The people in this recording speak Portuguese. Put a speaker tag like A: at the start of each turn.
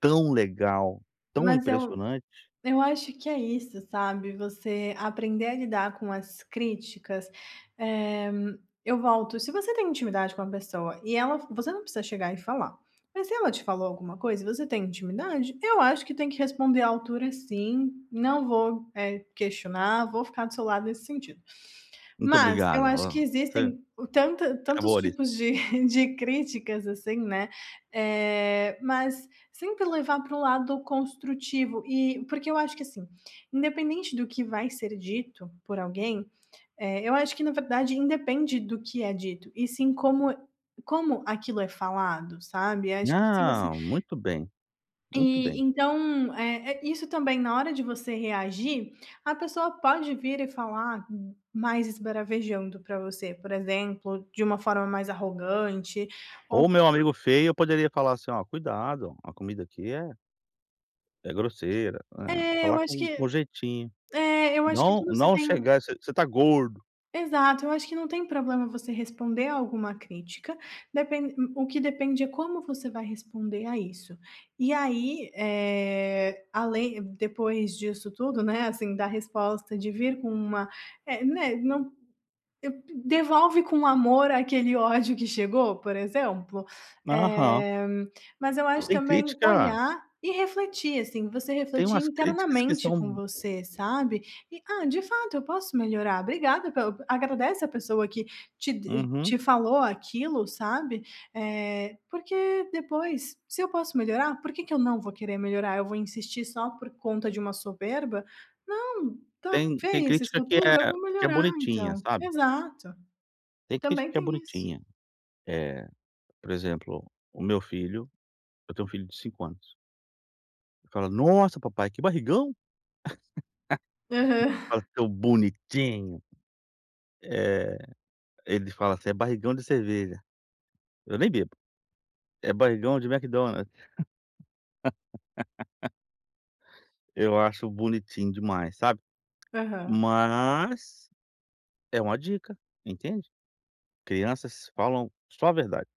A: Tão legal, tão
B: Mas eu
A: impressionante.
B: eu acho que é isso sabe, você aprender a lidar com as críticas, eh, eu volto se você tem intimidade com a pessoa e ela você não precisa chegar e falar, mas se ela te falou alguma coisa e você tem intimidade eu acho que tem que responder à altura sim, não vou, eh, questionar, vou ficar do seu lado nesse sentido.
A: Muito
B: Mas eu
A: obrigado,
B: acho que
A: oh [unintelligible]
B: existem tanta tantos
A: acabou ali.
B: tipos de de críticas assim, né, eh, mas sempre levar para o lado construtivo e porque eu acho que assim, independente do que vai ser dito por alguém, eh, eu acho que na verdade independe do que é dito e sim como como aquilo é falado sabe, acho que se você
A: Não, muito bem, muito
B: e
A: bem.
B: então, é é isso também na hora de você reagir a pessoa pode vir e falar mais esbravejando para você por exemplo, de uma forma mais arrogante, ou
A: Ou o meu amigo feio eu poderia falar assim: "Olha, cuidado, a comida aqui é" "é grosseira.", é,
B: É eu
A: falar
B: acho que,
A: com com jeitinho.
B: é eu acho que
A: Não
B: tudo você
A: não
B: tem
A: chegar, você você está gordo.
B: exato eu acho que não tem problema você responder alguma crítica, depen o que depende é como você vai responder a isso, e aí, eh, além depois disso tudo não é assim, da resposta de vir com uma é, né, não, devolve com amor aquele ódio que chegou por exemplo,
A: Aham.
B: eh, mas eu acho
A: Tem
B: também
A: crítica
B: olhar e refletir assim, você
A: tem
B: refletir
A: umas críticas que
B: internamente com
A: são
B: você sabe, e "ah, de fato eu posso melhorar.", obrigada pela agradece a pessoa que te
A: Uhum.
B: te falou aquilo sabe? Eh, porque depois se eu posso melhorar por que que eu não vou querer melhorar, eu vou insistir só por conta de uma soberba? Não, está
A: Tem tem
B: feia essa
A: crítica que é
B: escultura eu vou
A: que é
B: melhorar
A: bonitinha,
B: então.
A: sabe?
B: Exato,
A: Tem crítica
B: também
A: que é
B: tem isso.
A: bonitinha. Eh, por exemplo, o meu filho, eu tenho um filho de 5 anos que fala: "Nossa papai, que barrigão".
B: Aham.
A: Fala tão bonitinho. Eh, ele fala assim: "É barrigão de cerveja". Eu nem bebo, é barrigão de Mcdonald's. Eu acho bonitinho demais, sabe? tt
B: Aham.
A: Mas, é uma dica, entende? Crianças falam só a verdade.